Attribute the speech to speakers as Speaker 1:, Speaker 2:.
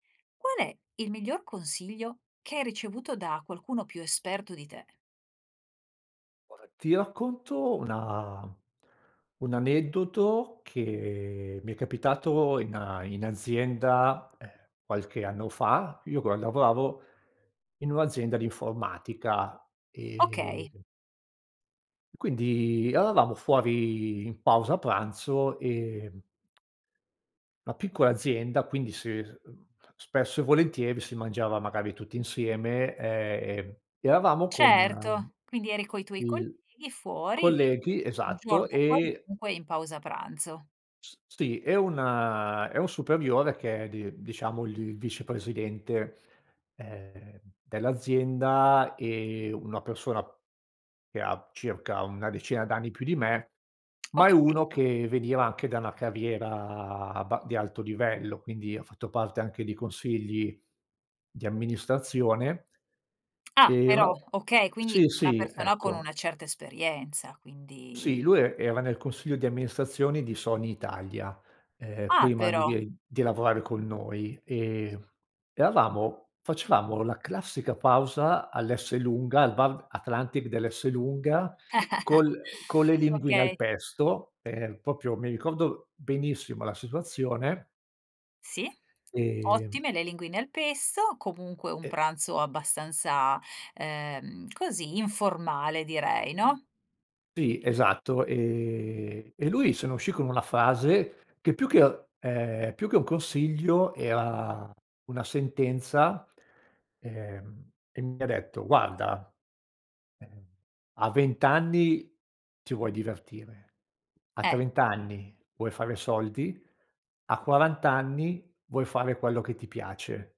Speaker 1: Qual è il miglior consiglio che hai ricevuto da qualcuno più esperto di te?
Speaker 2: Guarda, ti racconto una un aneddoto che mi è capitato in a in azienda, ehm, qualche anno fa: io qua lavoravo in un'azienda di informatica e
Speaker 1: Okay.
Speaker 2: quindi eravamo fuori in pausa pranzo e la piccola azienda quindi si, ehm, spesso e volentieri si mangiava magari tutti insieme e, ehm, eravamo con
Speaker 1: Certo. Quindi eri coi tuoi
Speaker 2: il
Speaker 1: colleghi, fuori
Speaker 2: colleghi,
Speaker 1: un giorno
Speaker 2: esatto e
Speaker 1: qualunque, in pausa pranzo.
Speaker 2: S sì e una e un superiore che è di diciamo il vicepresidente, ehm, dell'azienda è una persona che ha circa una decina d'anni più di me, ma è
Speaker 1: Okay.
Speaker 2: uno che veniva anche da una carriera abba di alto livello, quindi ha fatto parte anche di consigli di amministrazione
Speaker 1: Ah
Speaker 2: e una
Speaker 1: però! Okay, quindi
Speaker 2: sì,
Speaker 1: una
Speaker 2: sì
Speaker 1: persona con
Speaker 2: ecco.
Speaker 1: una certa esperienza, quindi
Speaker 2: Sì, lui e era nel consiglio di amministrazione di Sony Italia, ehm,
Speaker 1: Ah
Speaker 2: prima di
Speaker 1: però!
Speaker 2: di, ehm di lavorare con noi, e, mhmm, eravamo facevamo la classica pausa all'Esselunga, al bar Atlantic dell'Esselunga, col con le linguine al
Speaker 1: Okay.
Speaker 2: pesto, ehm, proprio mi ricordo benissimo la situazione.
Speaker 1: Sì.
Speaker 2: Ehm
Speaker 1: Ottime le linguine al pesto, comunque un
Speaker 2: E
Speaker 1: pranzo abbastanza, ehm, così informale direi, no?
Speaker 2: Sì, esatto. Ehm, e lui se ne uscì con una frase che più che ehm, più che un consiglio era una sentenza, ehm, e mi ha detto: "Guarda, ehm, a 20 anni ti vuoi divertire, a
Speaker 1: Eh.
Speaker 2: 30 anni vuoi fare soldi, a 40 anni vuoi fare quello che ti piace".